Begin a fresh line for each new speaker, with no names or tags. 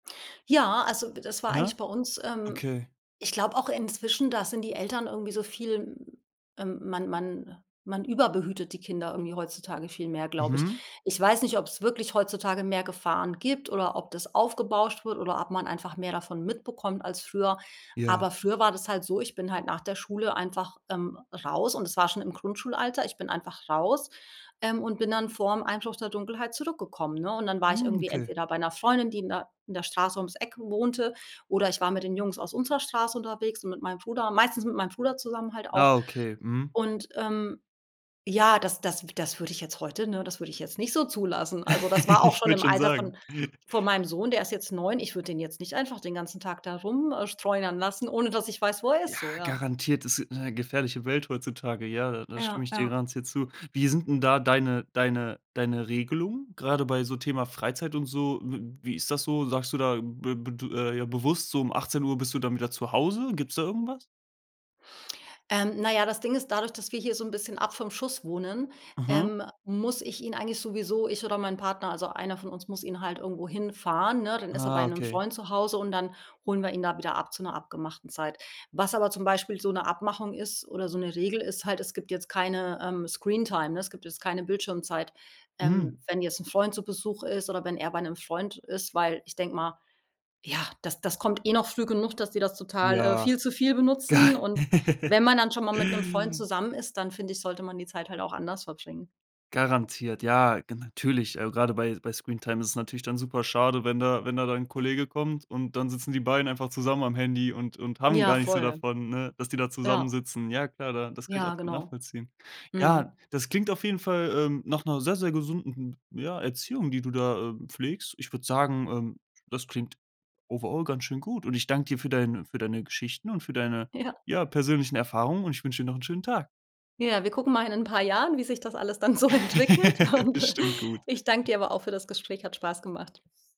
Ja, also das war eigentlich
Ja,
bei uns, ähm
okay.
ich glaube auch inzwischen, da sind die Eltern irgendwie so viel, hm, ähm man man man überbehütet die Kinder irgendwie heutzutage viel mehr, glaube ich.
Mhm.
Ich weiß nicht, ob's wirklich heutzutage mehr Gefahren gibt oder ob das aufgebauscht wird oder ob man einfach mehr davon mitbekommt als früher. Aber
Ja.
früher war das halt so: Ich bin halt nach der Schule einfach, ähm, raus und es war schon im Grundschulalter. ich bin einfach raus, ähm, und bin dann vorm Einbruch der Dunkelheit zurückgekommen, ne? Und dann war ich
Hm,
irgendwie
okay.
entweder bei 'ner Freundin, die in der in der Straße ums Eck wohnte oder ich war mit den Jungs aus unserer Straße unterwegs und mit meinem Bruder meistens mit meinem Bruder zusammen halt auch.
Ah, okay, mhm.
Und, ähm, ja, das das das würde ich jetzt heute, ne das würde ich jetzt nicht so zulassen. Also das war auch
Ich
schon
würde
im
schon
Alter von
sagen.
von meinem Sohn, der ist jetzt 9, ich würde den jetzt nicht einfach den ganzen Tag da rum, äh, streunern lassen, ohne dass ich weiß, wo er
Ja,
ist so, ja.
garantiert, das ist 'ne gefährliche Welt heutzutage. Ja, da da stimme
Ja,
ich dir
ja.
garantiert zu. Wie sind 'n da deine deine deine Regelungen, gerade bei so Thema Freizeit und so? W wie ist das so? Sagst du da b b d ja bewusst, so um 18:00 bist du dann wieder zu Hause? Gibt's da irgendetwas?
Ähm, na ja, das Ding ist, dadurch, dass wir hier so 'n bisschen ab vom Schuss wohnen,
Aha.
ähm, muss ich ihn eigentlich sowieso ich oder mein Partner also einer von uns muss ihn halt irgendwo hinfahren, ne? Dann ist er
Ah,
bei 'nem
okay.
Freund zu Hause und dann holen wir ihn da wieder ab zu 'ner abgemachten Zeit. Was aber zum Beispiel so 'ne Abmachung ist oder so 'ne Regel ist halt: Es gibt jetzt keine, ähm, Screentime, ne? Es gibt jetzt keine Bildschirmzeit, ähm,
Hm.
wenn jetzt 'n Freund zu Besuch ist oder wenn er bei 'nem Freund ist, weil ich denke mal ja, das das kommt eh noch früh genug, dass die das total äh,
Ja.
viel zu viel benutzen. Und wenn man dann schon mal mit 'nem Freund zusammen ist, dann finde ich, sollte man die Zeit halt auch anders verbringen.
Garantiert, ja, ge natürlich, äh. Gerade bei bei Screentime ist es natürlich dann super schade, wenn da wenn da dein 'n Kollege kommt und dann sitzen die beiden einfach zusammen am Handy und und haben
Ja,
gar nichts so
voll.
davon, ne, dass die da
Ja.
zusammensitzen. Ja, klar, da das kann ich
Ja,
absolut
genau,
nachvollziehen. Ja,
mhm.
das klingt auf jeden Fall, ähm, nach 'ner sehr, sehr gesunden ja, Erziehung, die du da, äh, pflegst. Ich würde sagen, ähm, das klingt overall ganz schön gut. Und ich danke dir für deine für deine Geschichten und für deine,
Ja.
ja, persönlichen Erfahrungen und ich wünsche dir noch 'nen schönen Tag.
Ja, wir gucken mal in 'n paar Jahren, wie sich das alles dann so entwickelt. Und, äh,
Bestimmt gut.
ich dank dir aber auch für das Gespräch, hat Spaß gemacht.